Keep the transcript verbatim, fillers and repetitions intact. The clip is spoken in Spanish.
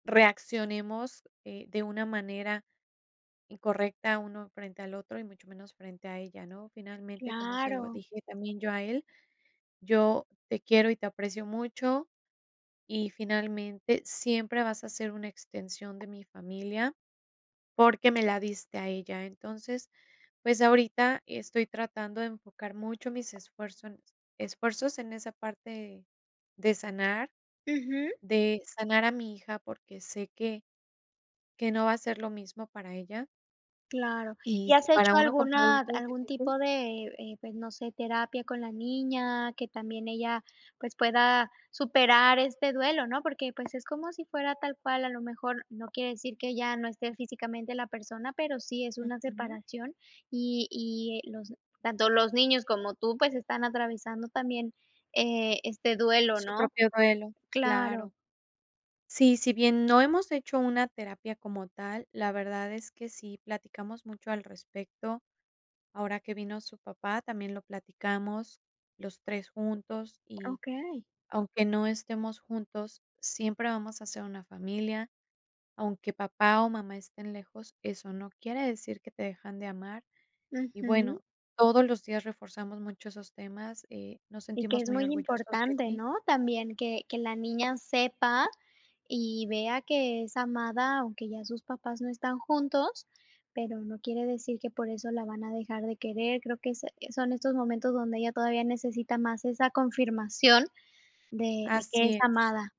Reaccionemos, eh, de una manera incorrecta uno frente al otro y mucho menos frente a ella, ¿no? Finalmente, como se lo Claro. dije también yo a él: “Yo te quiero y te aprecio mucho y, finalmente, siempre vas a ser una extensión de mi familia porque me la diste a ella”. Entonces, pues ahorita estoy tratando de enfocar mucho mis esfuerzo en esfuerzos en esa parte de sanar, Ujú. de sanar a mi hija, porque sé que que no va a ser lo mismo para ella Claro. ¿Y y has si para hecho uno como alguna adulto es algún difícil tipo de, eh, pues, no sé, terapia con la niña, que también ella, pues, pueda superar este duelo, no? Porque, pues, es como si fuera tal cual. A lo mejor no quiere decir que ya no esté físicamente la persona, pero sí es una Ujú. separación y y, eh, los tanto los niños como tú, pues, están atravesando también, eh, este duelo, Su ¿no? propio duelo, Claro. claro. Sí, si bien no hemos hecho una terapia como tal, la verdad es que sí, platicamos mucho al respecto. Ahora que vino su papá, también lo platicamos los tres juntos: "Y Okey. aunque no estemos juntos, siempre vamos a ser una familia, aunque papá o mamá estén lejos, eso no quiere decir que te dejan de amar". Y, Ujú. bueno, todos los días reforzamos mucho esos temas, eh: "Nos Y que sentimos es muy muy orgullosos de importante, ti". ¿no? También que que la niña sepa y vea que es amada, aunque ya sus papás no están juntos, pero no quiere decir que por eso la van a dejar de querer. Creo que ese, son estos momentos donde ella todavía necesita más esa confirmación de de que es Así es. amada.